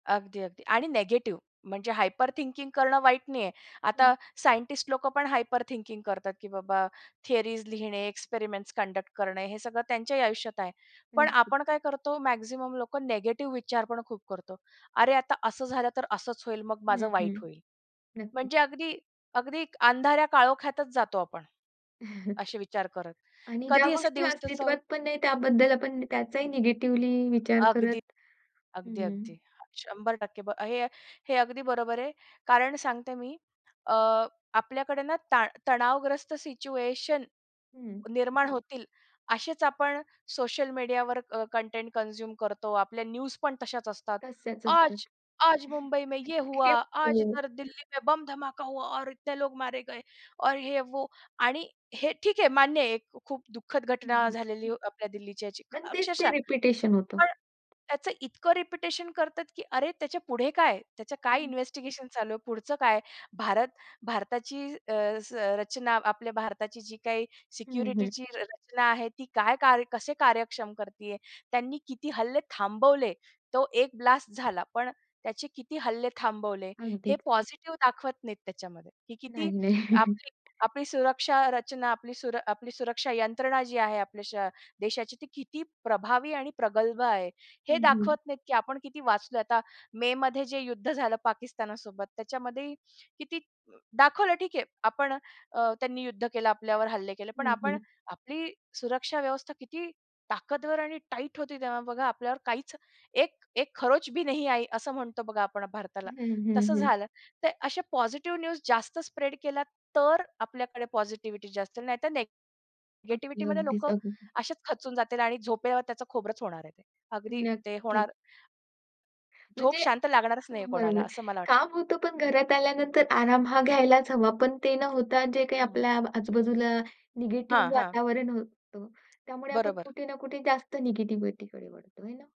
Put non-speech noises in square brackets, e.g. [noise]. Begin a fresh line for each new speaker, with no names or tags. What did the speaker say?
अगदी, अगदी आणि निगेटिव्ह म्हणजे हायपर थिंकिंग करणं वाईट नाहीये.
हं.
आता सायंटिस्ट लोकं पण हायपर थिंकिंग करतात, की बाबा थियरीज लिहिणे, एक्सपेरिमेंट्स कंडक्ट करणे, हे सगळं त्यांच्याही आयुष्यात आहे. पण
नक्की.
आपण काय करतो, मॅक्सिमम लोक निगेटिव्ह विचार पण खूप करतो. अरे आता असं झालं तर असंच होईल मग
हं,
माझं वाईट
हं.
होईल.
नक्कीच.
म्हणजे अगदी अगदी अंधाऱ्या काळोख्यातच जातो आपण.
[chuckles]
असे विचार करत.
आणि ज्या
कधी असा
गोष्टी
दिवसाचा
अस्तित्वात पण नाही त्याबद्दल आपण त्याचाही निगेटिव्हली विचार
अगदी.
करत
अगदी,
हं.
अगदी. 100% ब हे हे अगदी बरोबर आहे. कारण सांगते मी, अ. आपल्याकडे ना ताण तणावग्रस्त सिच्युएशन
हं.
निर्माण होतील असेच आपण सोशल मीडियावर अ, कंटेंट कन्झ्युम करतो. आपल्या न्यूज पण तशाचं असतात.
तस्याच असतात.
आज आज
[chuckles]
मुंबई में ये हुआ.
[unintelligible]
आज
हो.
इधर दिल्ली में बम्ब धमाका हुआ और इतने लोग मारे गए. और ये वो आणि हे ठीक आहे मान्य आहे, एक खूप दुःखद
हं,
घटना
हं.
झालेली आपल्या दिल्लीची ह्याची
आणि तेच ते
अक्षरशः
रिपिटेशन होतं.
पण, त्याचं इतकं रिपिटेशन करतात, की अरे त्याच्या पुढे काय. त्याचं काय
हं.
इन्व्हेस्टिगेशन चालू आहे, पुढचं काय? भारत भारताची अ, रचना आपल्या भारताची जी काही
हं, हं.
सिक्युरिटीची र रचना आहे, ती काय कार्य कसे कार्यक्षम करतीये? त्यांनी किती हल्ले थांबवले? तो एक ब्लास्ट झाला पण त्याचे किती हल्ले थांबवले? हे
अगदीच.
पॉझिटिव्ह दाखवत नाहीत त्याच्यामध्ये. ही किती
नाही नाही. [chuckles]
आपली आपली सुरक्षा रचना आपली आपली सुरक्षा यंत्रणा जी आहे आपल्या श देशाची, ते किती प्रभावी आणि प्रगल्भ आहे. हे
हं, हं.
दाखवत नाहीत, की आपण किती वाचलोय. आता मेमध्ये जे युद्ध झालं पाकिस्तानसोबत त्याच्यामध्ये किती दाखवलं ठीक आहे आपण अ, त्यांनी युद्ध केलं आपल्यावर हल्ले केले. पण
हं,
आपण
हं.
आपली सुरक्षा व्यवस्था किती ताकदवर आणि टाईट होती तेव्हा बघा आपल्यावर काहीच एक एक खरोच भी नाही आई, असं म्हणतो बघा आपण भारताला.
हं, हं,
तसं
हं.
झालं. तर अशा पॉझिटिव्ह न्यूज जास्त स्प्रेड केला तर आपल्याकडे पॉझिटिव्हिटी जास्त नाहीतर
अगदी.
निगेटिव्हिटीमध्ये
अगदीच.
लोकं
अगदी.
असेच खचून जातील आणि झोपल्यावर त्याचं खोबरच होणार आहे. अगदी ते
नक्की.
होणार. झोप
म्हणजे
शांत लागणारच नाहीये कोणाला
बरोबर.
असं मला वाटतं.
काम होतं पण घरात आल्यानंतर आराम हा घ्यायलाच हवा पण ते न होता जे काही
हं.
आपल्या आजू-बाजूला निगेटिव्ह
हां, हां.
वातावरण होतं, त्यामुळे आपण
बरोबर.
कुठे ना कुठे जास्त निगेटिव्हिटीकडे वळतो. आहे ना.